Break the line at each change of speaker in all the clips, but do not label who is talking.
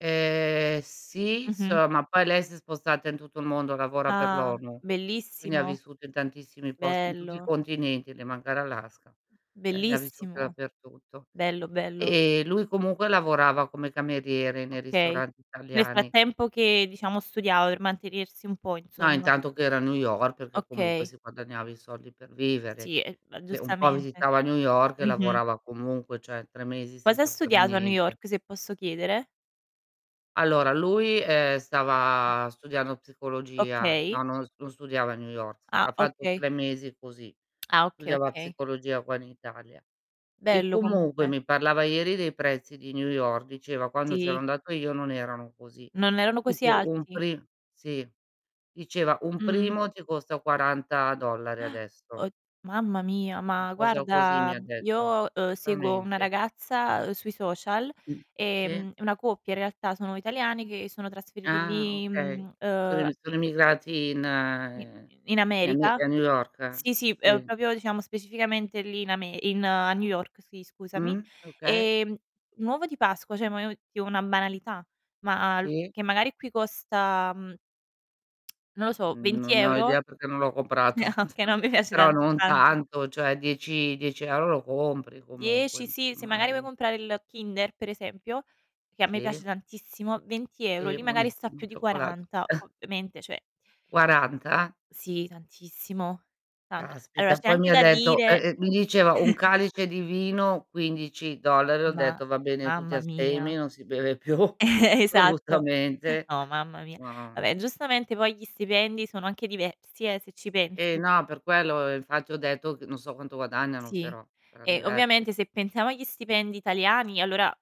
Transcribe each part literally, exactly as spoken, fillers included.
Ehm, sì,
Mh-mh.
solo ma poi lei si è spostata in tutto il mondo, lavora per
Ah,
l'ONU, quindi ha
bellissimo.
vissuto in tantissimi post in tutti i
Bello.
continenti, le manca l'Alaska, ehm, lei ha vissuto
Bellissimo.
dappertutto,
Bello, bello.
ehm, lui comunque lavorava come cameriere nei
Okay.
ristoranti
Nel
italiani.
frattempo che, diciamo, studiava per mantenersi un po',
No,
insomma.
intanto che era a New York, perché comunque
Okay.
si guadagnava i soldi per
Uhm,
vivere,
sì, ehm, ma
che un po'
giustamente.
visitava New York e
Mh-mh.
lavorava comunque, cioè, tre mesi
Cosa ha
senza fare
studiato a New
niente.
York, se posso chiedere?
Allora lui, ehm, stava studiando psicologia.
Okay.
No, non s non studiava a New York,
Ah,
ha fatto
okay.
tre mesi così.
Ah, okay,
Studiava
okay.
psicologia qua in Italia. E
Bello
comunque
comunque.
mi parlava ieri dei prezzi di New York, diceva: "Quando c'ero
Sì.
andato io non erano così",
Non erano così
tipo un
alti?
pri sì, diceva: "Un
Mh.
primo ti costa quaranta dollari adesso".
Od mamma mia,
'Na
ma
cosa così mi
guarda,
ha detto,
io, uhm, seguo una
assolutamente.
ragazza, uhm, sui social,
[unintelligible] Mh, sì.
ehm, una coppia in realtà, sono italiani che sono trasferiti
Ah,
lì,
okay.
mhmm,
Sono
uhm,
emi sono
e
emigrati in
I
ehm,
in in
in Ame
America
ehm, a New York?
sì, sì, ehm,
Sì.
propio diciamo specificamente lì in Ame in a New York, sì, scusami.
Mh, okay.
Ehm, un uovo di Pasqua, cioè ma [unintelligible] una banalità, ma l
Sì.
che magari qui costa, mhmm non lo so,
N
venti
non ne ho
euro?
idea perché non l'ho comprato.
Ah, okay, no, a me piace
Però
tand
non
tanto.
tanto, cioè dieci dieci euro lo compri comunque,
dieci,
im
sì, se magari vuoi
immagi
comprare il Kinder, per esempio, che a me piace
Sì.
tantissimo, venti euro.
Sì,
Lì magari sta
buonissimo
più
il
di
cioccolato.
quaranta, ovviamente, cioè
quaranta?
Sì, tantissimo, tanto. Allora
Caspita,
c'è
poi
anche
mi ha
da
detto ehm,
dire
ehm, mi diceva: "un calice di vino, quindici dollari", ho
Ma
detto: "Va bene, tutti
mamma mia.
astemi, non si beve più,
Esatto.
assolutamente".
No, mamma mia.
No.
Vabbè, giustamente poi gli stipendi sono anche diversi, eh, se ci
Eh,
pensi.
no, per quello, uhm, infatti ho detto ch non so quanto guadagnano,
Sì,
però, saran
e
diversi.
ovviamente se pensiamo agli stipendi italiani allora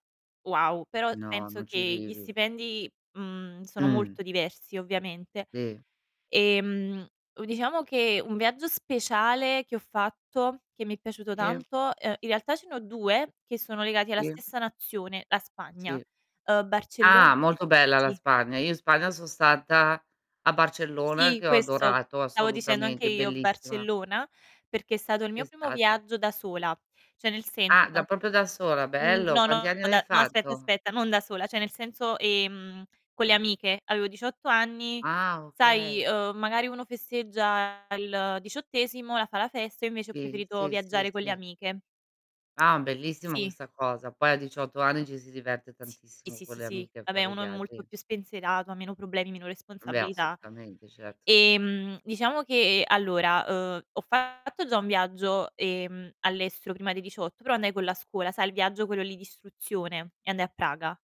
wow. Però
No,
penso
non ci
che gli
vivi.
stipendi, mhmm, sono
Mh.
molto diversi ovviamente,
Sì.
ehm, u diciamo che un viaggio speciale che ho fatto, che mi è piaciuto
Im
tanto ehm, in realtà ce ne ho due che sono legati alla
Sì.
stessa nazione: la Spagna.
Sì.
Uhm, Barcello
Ah, molto bella la
sì.
Spagna. Io in Spagna son stata a Barcellona,
Sì,
che ho
questo
adorato
stavo dicendo anche
assolutamente,
io
bellissima.
Barcellona, perché è stato il mio
È
primo
stata
viaggio da sola. Cioè nel
Ah, da
senso
popio da sola,
mh,
bello,
no,
quanti
no,
anni avei
da no aspetta,
fatto?
aspetta, non da sola, cioè nel senso, ehm, con le amiche. Avevo diciotto anni,
Ah,
sai,
okay.
uhm, magari uno festeggia il diciottesimo, la fa la festa, io invece ho
Sì,
preferito
sì, sì,
viaggiare con le
sì.
amiche.
Ah, bellissima
Sì.
questa cosa. Poi a diciotto anni ci si diverte
Sì, sì,
tantissimo
sì,
con
sì,
le
sì.
amiche a
Vabbè,
fare
uno è molto
viaggi.
più spensierato, ha meno problemi, meno
Beh,
responsabilità.
assolutamente, certo, sì.
Ehm, diciamo che, allora, uhm, ho fatto già un viaggio, ehm, all'estero prima dei diciotto, però andai con la scuola, sai il viaggio quello lì d'istruzione, e andai a Praga.